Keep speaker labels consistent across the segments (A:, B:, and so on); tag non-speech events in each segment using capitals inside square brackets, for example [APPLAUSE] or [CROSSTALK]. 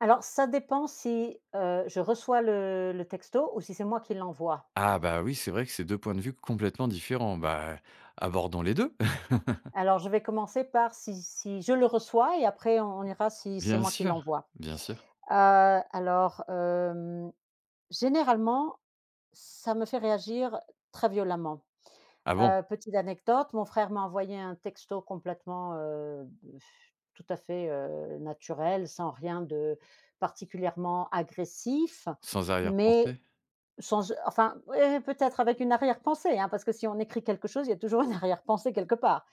A: Alors, ça dépend si, heu, je reçois le le texto ou si c'est moi qui l'envoie.
B: Ah, bah, oui, c'est vrai que c'est 2 points de vue complètement différents. Bah, et abordons les 2. [CHUCKLES]
A: Alors, je vais commencer par si si je le reçois et après on on ira si c'est
B: Bien
A: moi qui
B: sûr,
A: l'envoie.
B: bien sûr.
A: Heu, alors, hem, généralement, ça me fait réagir très violemment.
B: Ah, bon?
A: Heu, petite anecdote, mon frère m'a envoyé un texto complètement, heu, b, [BLOWS AIR] tout à fait, heu, naturel, sans rien de particulièrement agressif
B: Sans
A: mais
B: arrière-pensée.
A: sans e enfin, eh, peut-être avec une arrière-pensée, hein, parce que si on écrit quelque chose, il y a toujours une arrière-pensée quelque part.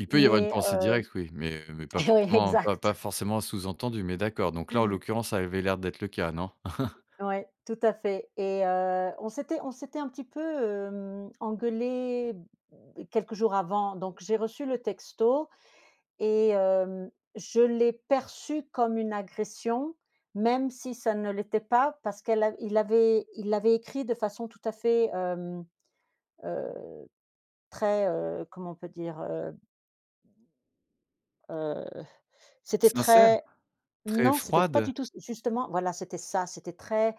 B: Il peut y avoir une
A: Mais
B: pensée
A: heu
B: directe, oui mais mais pas
A: e
B: forcément pas
A: exact.
B: pas forcément sous-entendue mais d'accord. Donc là, en
A: [CHUCKLES]
B: l'occurrence, ça avait l'air d'être le cas, non? [CHUCKLES]
A: Ouais, tout à fait et heu, on s'était on s'était un petit peu, hem, engueulés, mmh, quelques jours avant, donc j'ai reçu le texto et hem, je l'ai perçu comme une agression même si ça ne l'était pas parce qu'elle a il avait il l'avait écrit de façon tout à fait, hem, heu, très heu, comment on peut dire? Heu heu, c'était
B: Sincère?
A: très
B: Très
A: non, c'était pas
B: froide?
A: du tout ç justement voilà c'était ça. C'était très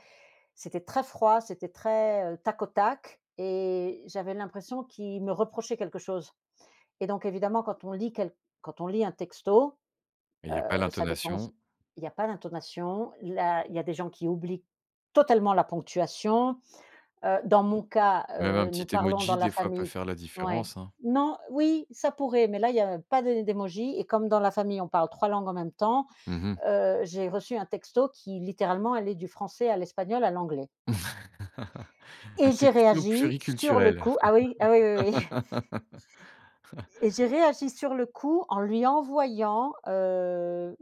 A: c'était très froid, c'était très, heu, tac-au-tac et j'avais l'impression qu'il me reprochait quelque chose et donc évidemment quand on lit quel quand on lit un texto,
B: Et il y a pas
A: heu, ça dépend s
B: l'intonation.
A: il y a pas d'intonation, la il y a des gens qui oublient totalement la ponctuation. Heu, dans mon
B: [UNINTELLIGIBLE]
A: cas,
B: Même un
A: heu, nous
B: petit
A: parlons dans
B: emoji,
A: la
B: des fois, peut
A: famille
B: faire la
A: ouais,
B: différence, hein.
A: non, oui, ça pourrait mais là, il y a pas des d'émoji et comme dans la famille, on parle 3 langues en même temps,
B: Mmh mh.
A: heu, j'ai reçu un texto qui, littéralement, allait du français à l'espagnol, à l'anglais.
B: [CHUCKLES] Un
A: Et j'ai
B: texto
A: réagi sur le
B: pluriculturel.
A: coup ah oui, ah oui, oui, oui.
B: [LAUGHS]
A: Et j'ai réagi sur le coup, en lui envoyant, heu,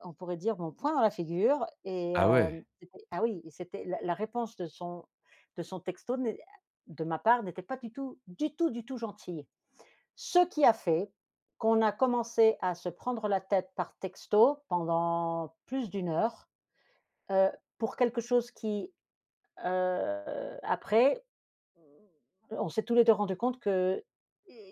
A: on pourrait dire, mon poing dans la figure et
B: Ah,
A: hem,
B: ouais!
A: c'était ah oui, c'était la la réponse de son de son texto n'est, ah, de ma part, n'était pas du tout, du tout, du tout gentille. Ce qui a fait qu'on a commencé à se prendre la tête par texto pendant plus d'1 heure, heu, pour quelque chose qui, heu, après mmh, on s'est tous les 2 rendus compte qu'il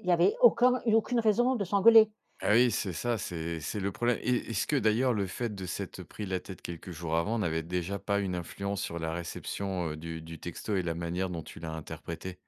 A: y avait aucun aucune raison de s'engueuler.
B: Ah, oui, c'est ça, c'est c'est le problème et est-ce que, d'ailleurs, le fait de s'être pris la tête quelques jours avant n'avait déjà pas une influence sur la réception, heu, du du texto et la manière dont tu l'as interprété?